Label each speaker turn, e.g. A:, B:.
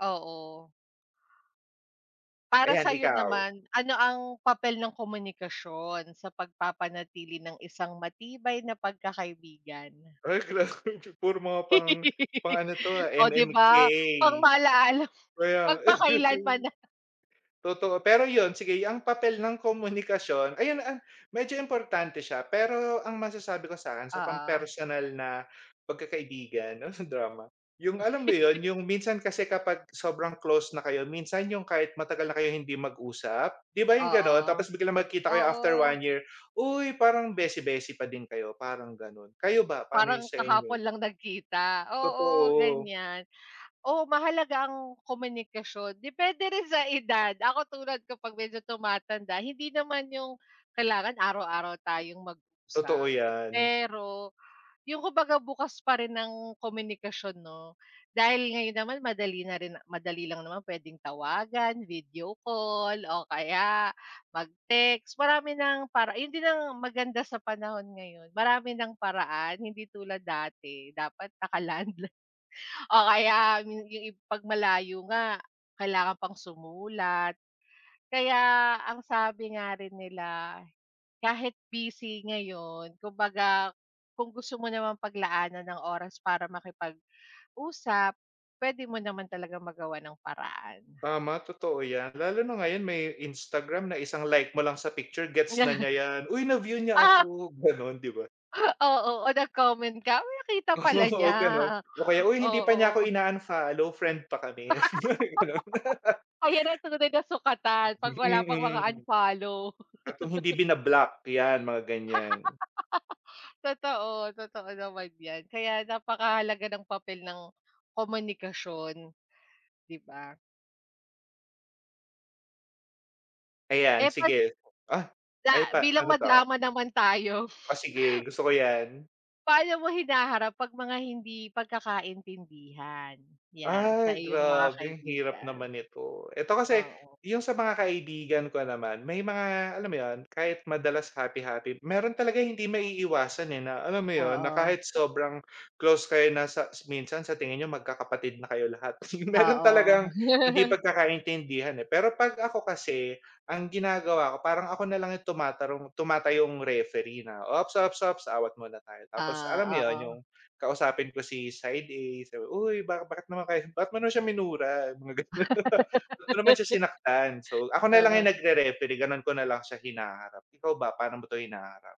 A: Oo. Para
B: Ayan,
A: sa'yo
B: ikaw?
A: naman, ano ang papel ng komunikasyon sa pagpapanatili ng isang matibay na pagkakaibigan?
B: Ay, grabe puro mga pang pang ano to, ah,
A: Oh, di
B: MMK.
A: ba, pang-Maalaala Mo,
B: Kaya nga.
A: Magpakailanman, ah.
B: Totoo, pero yun, sige ang papel ng komunikasyon, ayun, ah, medyo importante siya, pero ang masasabi ko sa'kin sa
A: Oo.
B: pampersonal na pagkakaibigan, oh, nag-drama? Yung alam mo yun, yung minsan kasi kapag sobrang close na kayo, minsan yung kahit matagal na kayong hindi mag-usap, di ba, yung gano'n?
A: Oo.
B: Tapos biglang magkikita kayo after
A: Oo.
B: 1 year, uy, parang
A: O
B: beshy-beshy pa din kayo, parang gano'n. Kayo ba, paano yung
A: Parang
B: sa
A: kahapon
B: inyo?
A: lang nagkita, oo,
B: Totoo.
A: ganyan. Oo, mahalaga ang komunikasyon, depende rin sa edad. Ako, tulad ko 'pag medyo tumatanda, hindi naman yung kailangan araw-araw tayong
B: Totoo,
A: mag-usap,
B: yan.
A: pero yung kumbaga bukas pa rin ang komunikasyon, 'no? Dahil ngayon naman madali na rin madali lang naman, pwedeng tawagan, video call o kaya mag-text. Marami ng para yun din ang maganda sa panahon ngayon, marami ng paraan hindi tulad dati dapat naka-landa o kaya min yung i pag malayo nga, kailangan pang sumulat. Kaya ang sabi nga rin nila, kahit busy ngayon, kumbaga kung gusto mo namang paglaanan ng oras para makipag-usap, pwede mo naman talagang magawan ng paraan.
B: Tama, totoo yan. Lalo na ngayon, may Instagram na isang like mo lang sa picture, gets na
A: Ya
B: niya yan, "Uy, na-view niya
A: Ah!
B: ako." gano'n, di ba?
A: Oo, oh, nag-comment ka. "Uy, nakita pala niya."
B: Oo, ganun. Oh, kaya, "Uy, hindi pa niya ako
A: Oo.
B: ina-unfollow, friend pa kami." yung mga gano'n.
A: Ayan na, tunay na sukatan 'pag
B: Hmm,
A: wala pang mga
B: mm.
A: unfollow.
B: At kung hindi bina-block, yan, mga ganyan.
A: Totoo, totoo naman yan. Kaya napakahalaga ng papel ng komunikasyon, di ba?
B: Ayan,
A: Eh, 'pag
B: sige. Ah! Ay,
A: Da
B: pa
A: bilang
B: paano 'to?
A: madrama naman tayo.
B: Oh, sige, gusto ko yan.
A: Paano mo hinaharap 'pag mga hindi pagkakaintindihan, yan, sa
B: Ay,
A: iyong mga
B: grabe, ang hirap
A: kaibigan?
B: naman nito. Eto kasi,
A: Oo.
B: yung sa mga kaibigan ko naman may mga alam mo yon, kahit madalas happy-happy, meron talaga hindi maiiwasan, eh, na alam mo yun, na
A: Oo.
B: kahit sobrang close kayo na sa minsan sa tingin niyo magkakapatid na kayo lahat, meron
A: Oo.
B: talagang hindi pagkakaintindihan, eh. Pero 'pag ako kasi, ang ginagawa ko parang ako na lang yung tumatarong tumatayong referee na, "Ops, ops, ops, awat muna tayo." Tapos alam mo
A: Ah,
B: yun, yung
A: oo.
B: kausapin ko, si side A sabi, "Uy, ba bakit naman kayo bakit mo naman siya minura?" yung mga gano'n, "Ba't mo naman siya sinaktan?" So ako na lang
A: Oo.
B: yung nagre-referee, gano'n ko na lang siya hinaharap. Ikaw ba, paano mo 'to hinaharap?